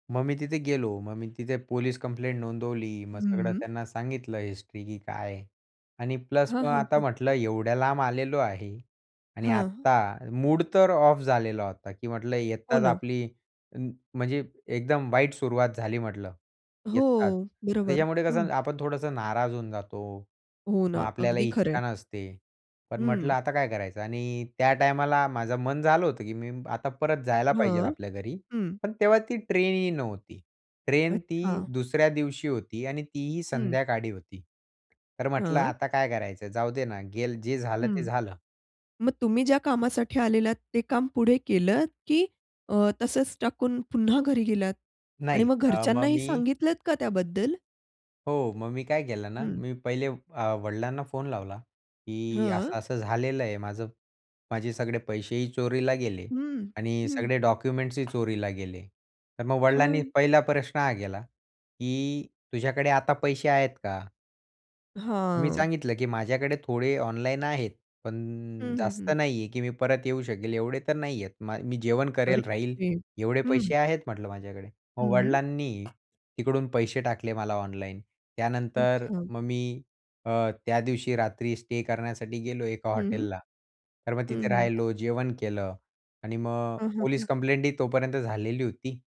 मग मी तिथे गेलो, मग मी तिथे पोलीस कंप्लेंट नोंदवली, मग सगळं हं. त्यांना सांगितलं हिस्ट्री की काय. आणि प्लस हां, मग हां, आता हां. म्हटलं एवढ्या लांब आलेलो आहे आणि हां. आत्ता, मूड तर ऑफ झालेला होता की म्हटलं हो येताच ना. आपली [unintelligible] म्हणजे एकदम वाईट सुरुवात झाली म्हटलं, येताच. हो, बरोबर, त्याच्यामुळं कसं हं. आपण थोडंसं नाराज होऊन जातो. हो मग ना, आपल्याला अगदी इच्छा खरंय. नसते. पण हं. म्हटलं आता काय करायचं? आणि त्या टायमाला माझं मन झालं होतं की मी आता परत जायला पाहिजेल हं. आपल्या घरी. हं. पण तेव्हा ती ट्रेनही नव्हती. ट्रेन ती अच्छा. दुसऱ्या दिवशी होती आणि तीही हं. संध्याकाळी होती. तर म्हटलं हं. आता काय करायचं जाऊ दे ना गेल जे झालं ते हं, झालं. मग तुम्ही ज्या कामासाठी आलेलात ते काम पुढे केलत की अ, तसंच टाकून पुन्हा घरी गेलात आणि नाही, मग अ, मग घरच्यांनाही मी सांगितलत का त्याबद्दल? हो मग मी काय केलं ना हं. मी पहिले अ, वडिलांना फोन लावला, की हं. असं-असं झालेलं आहे माझं, माझे सगळे पैसेही चोरीला गेले हं, आणि हं. सगळे डॉक्युमेंट्सही चोरीला गेले. तर मग वडिलांनी हां. पहिला प्रश्न हा केला, की तुझ्याकडे आता पैसे आहेत का? मग मी हां. सांगितलं की माझ्याकडे थोडे ऑनलाईन आहेत. हं, पण हं, जास्त हं. नाहीये की मी परत येऊ शकेल एवढे तर नाहीयेत माय मी जेवण अरे!, करेल राहील, [unintelligible] एवढे पैसे हं. आहेत म्हटलं माझ्याकडे. मग हं. वडिलांनी, तिकडून पैसे टाकले मला ऑनलाईन, त्यानंतर अच्छा. मग मी अ, त्या दिवशी रात्री स्टे करण्यासाठी गेलो एका हं. हं. हॉटेलला, तर मग हं, तिथे हं. राहिलो, जेवण केलं आणि मग, हं, हं, पोलीस हं. कंप्लेंटही तोपर्यंत झालेली होती.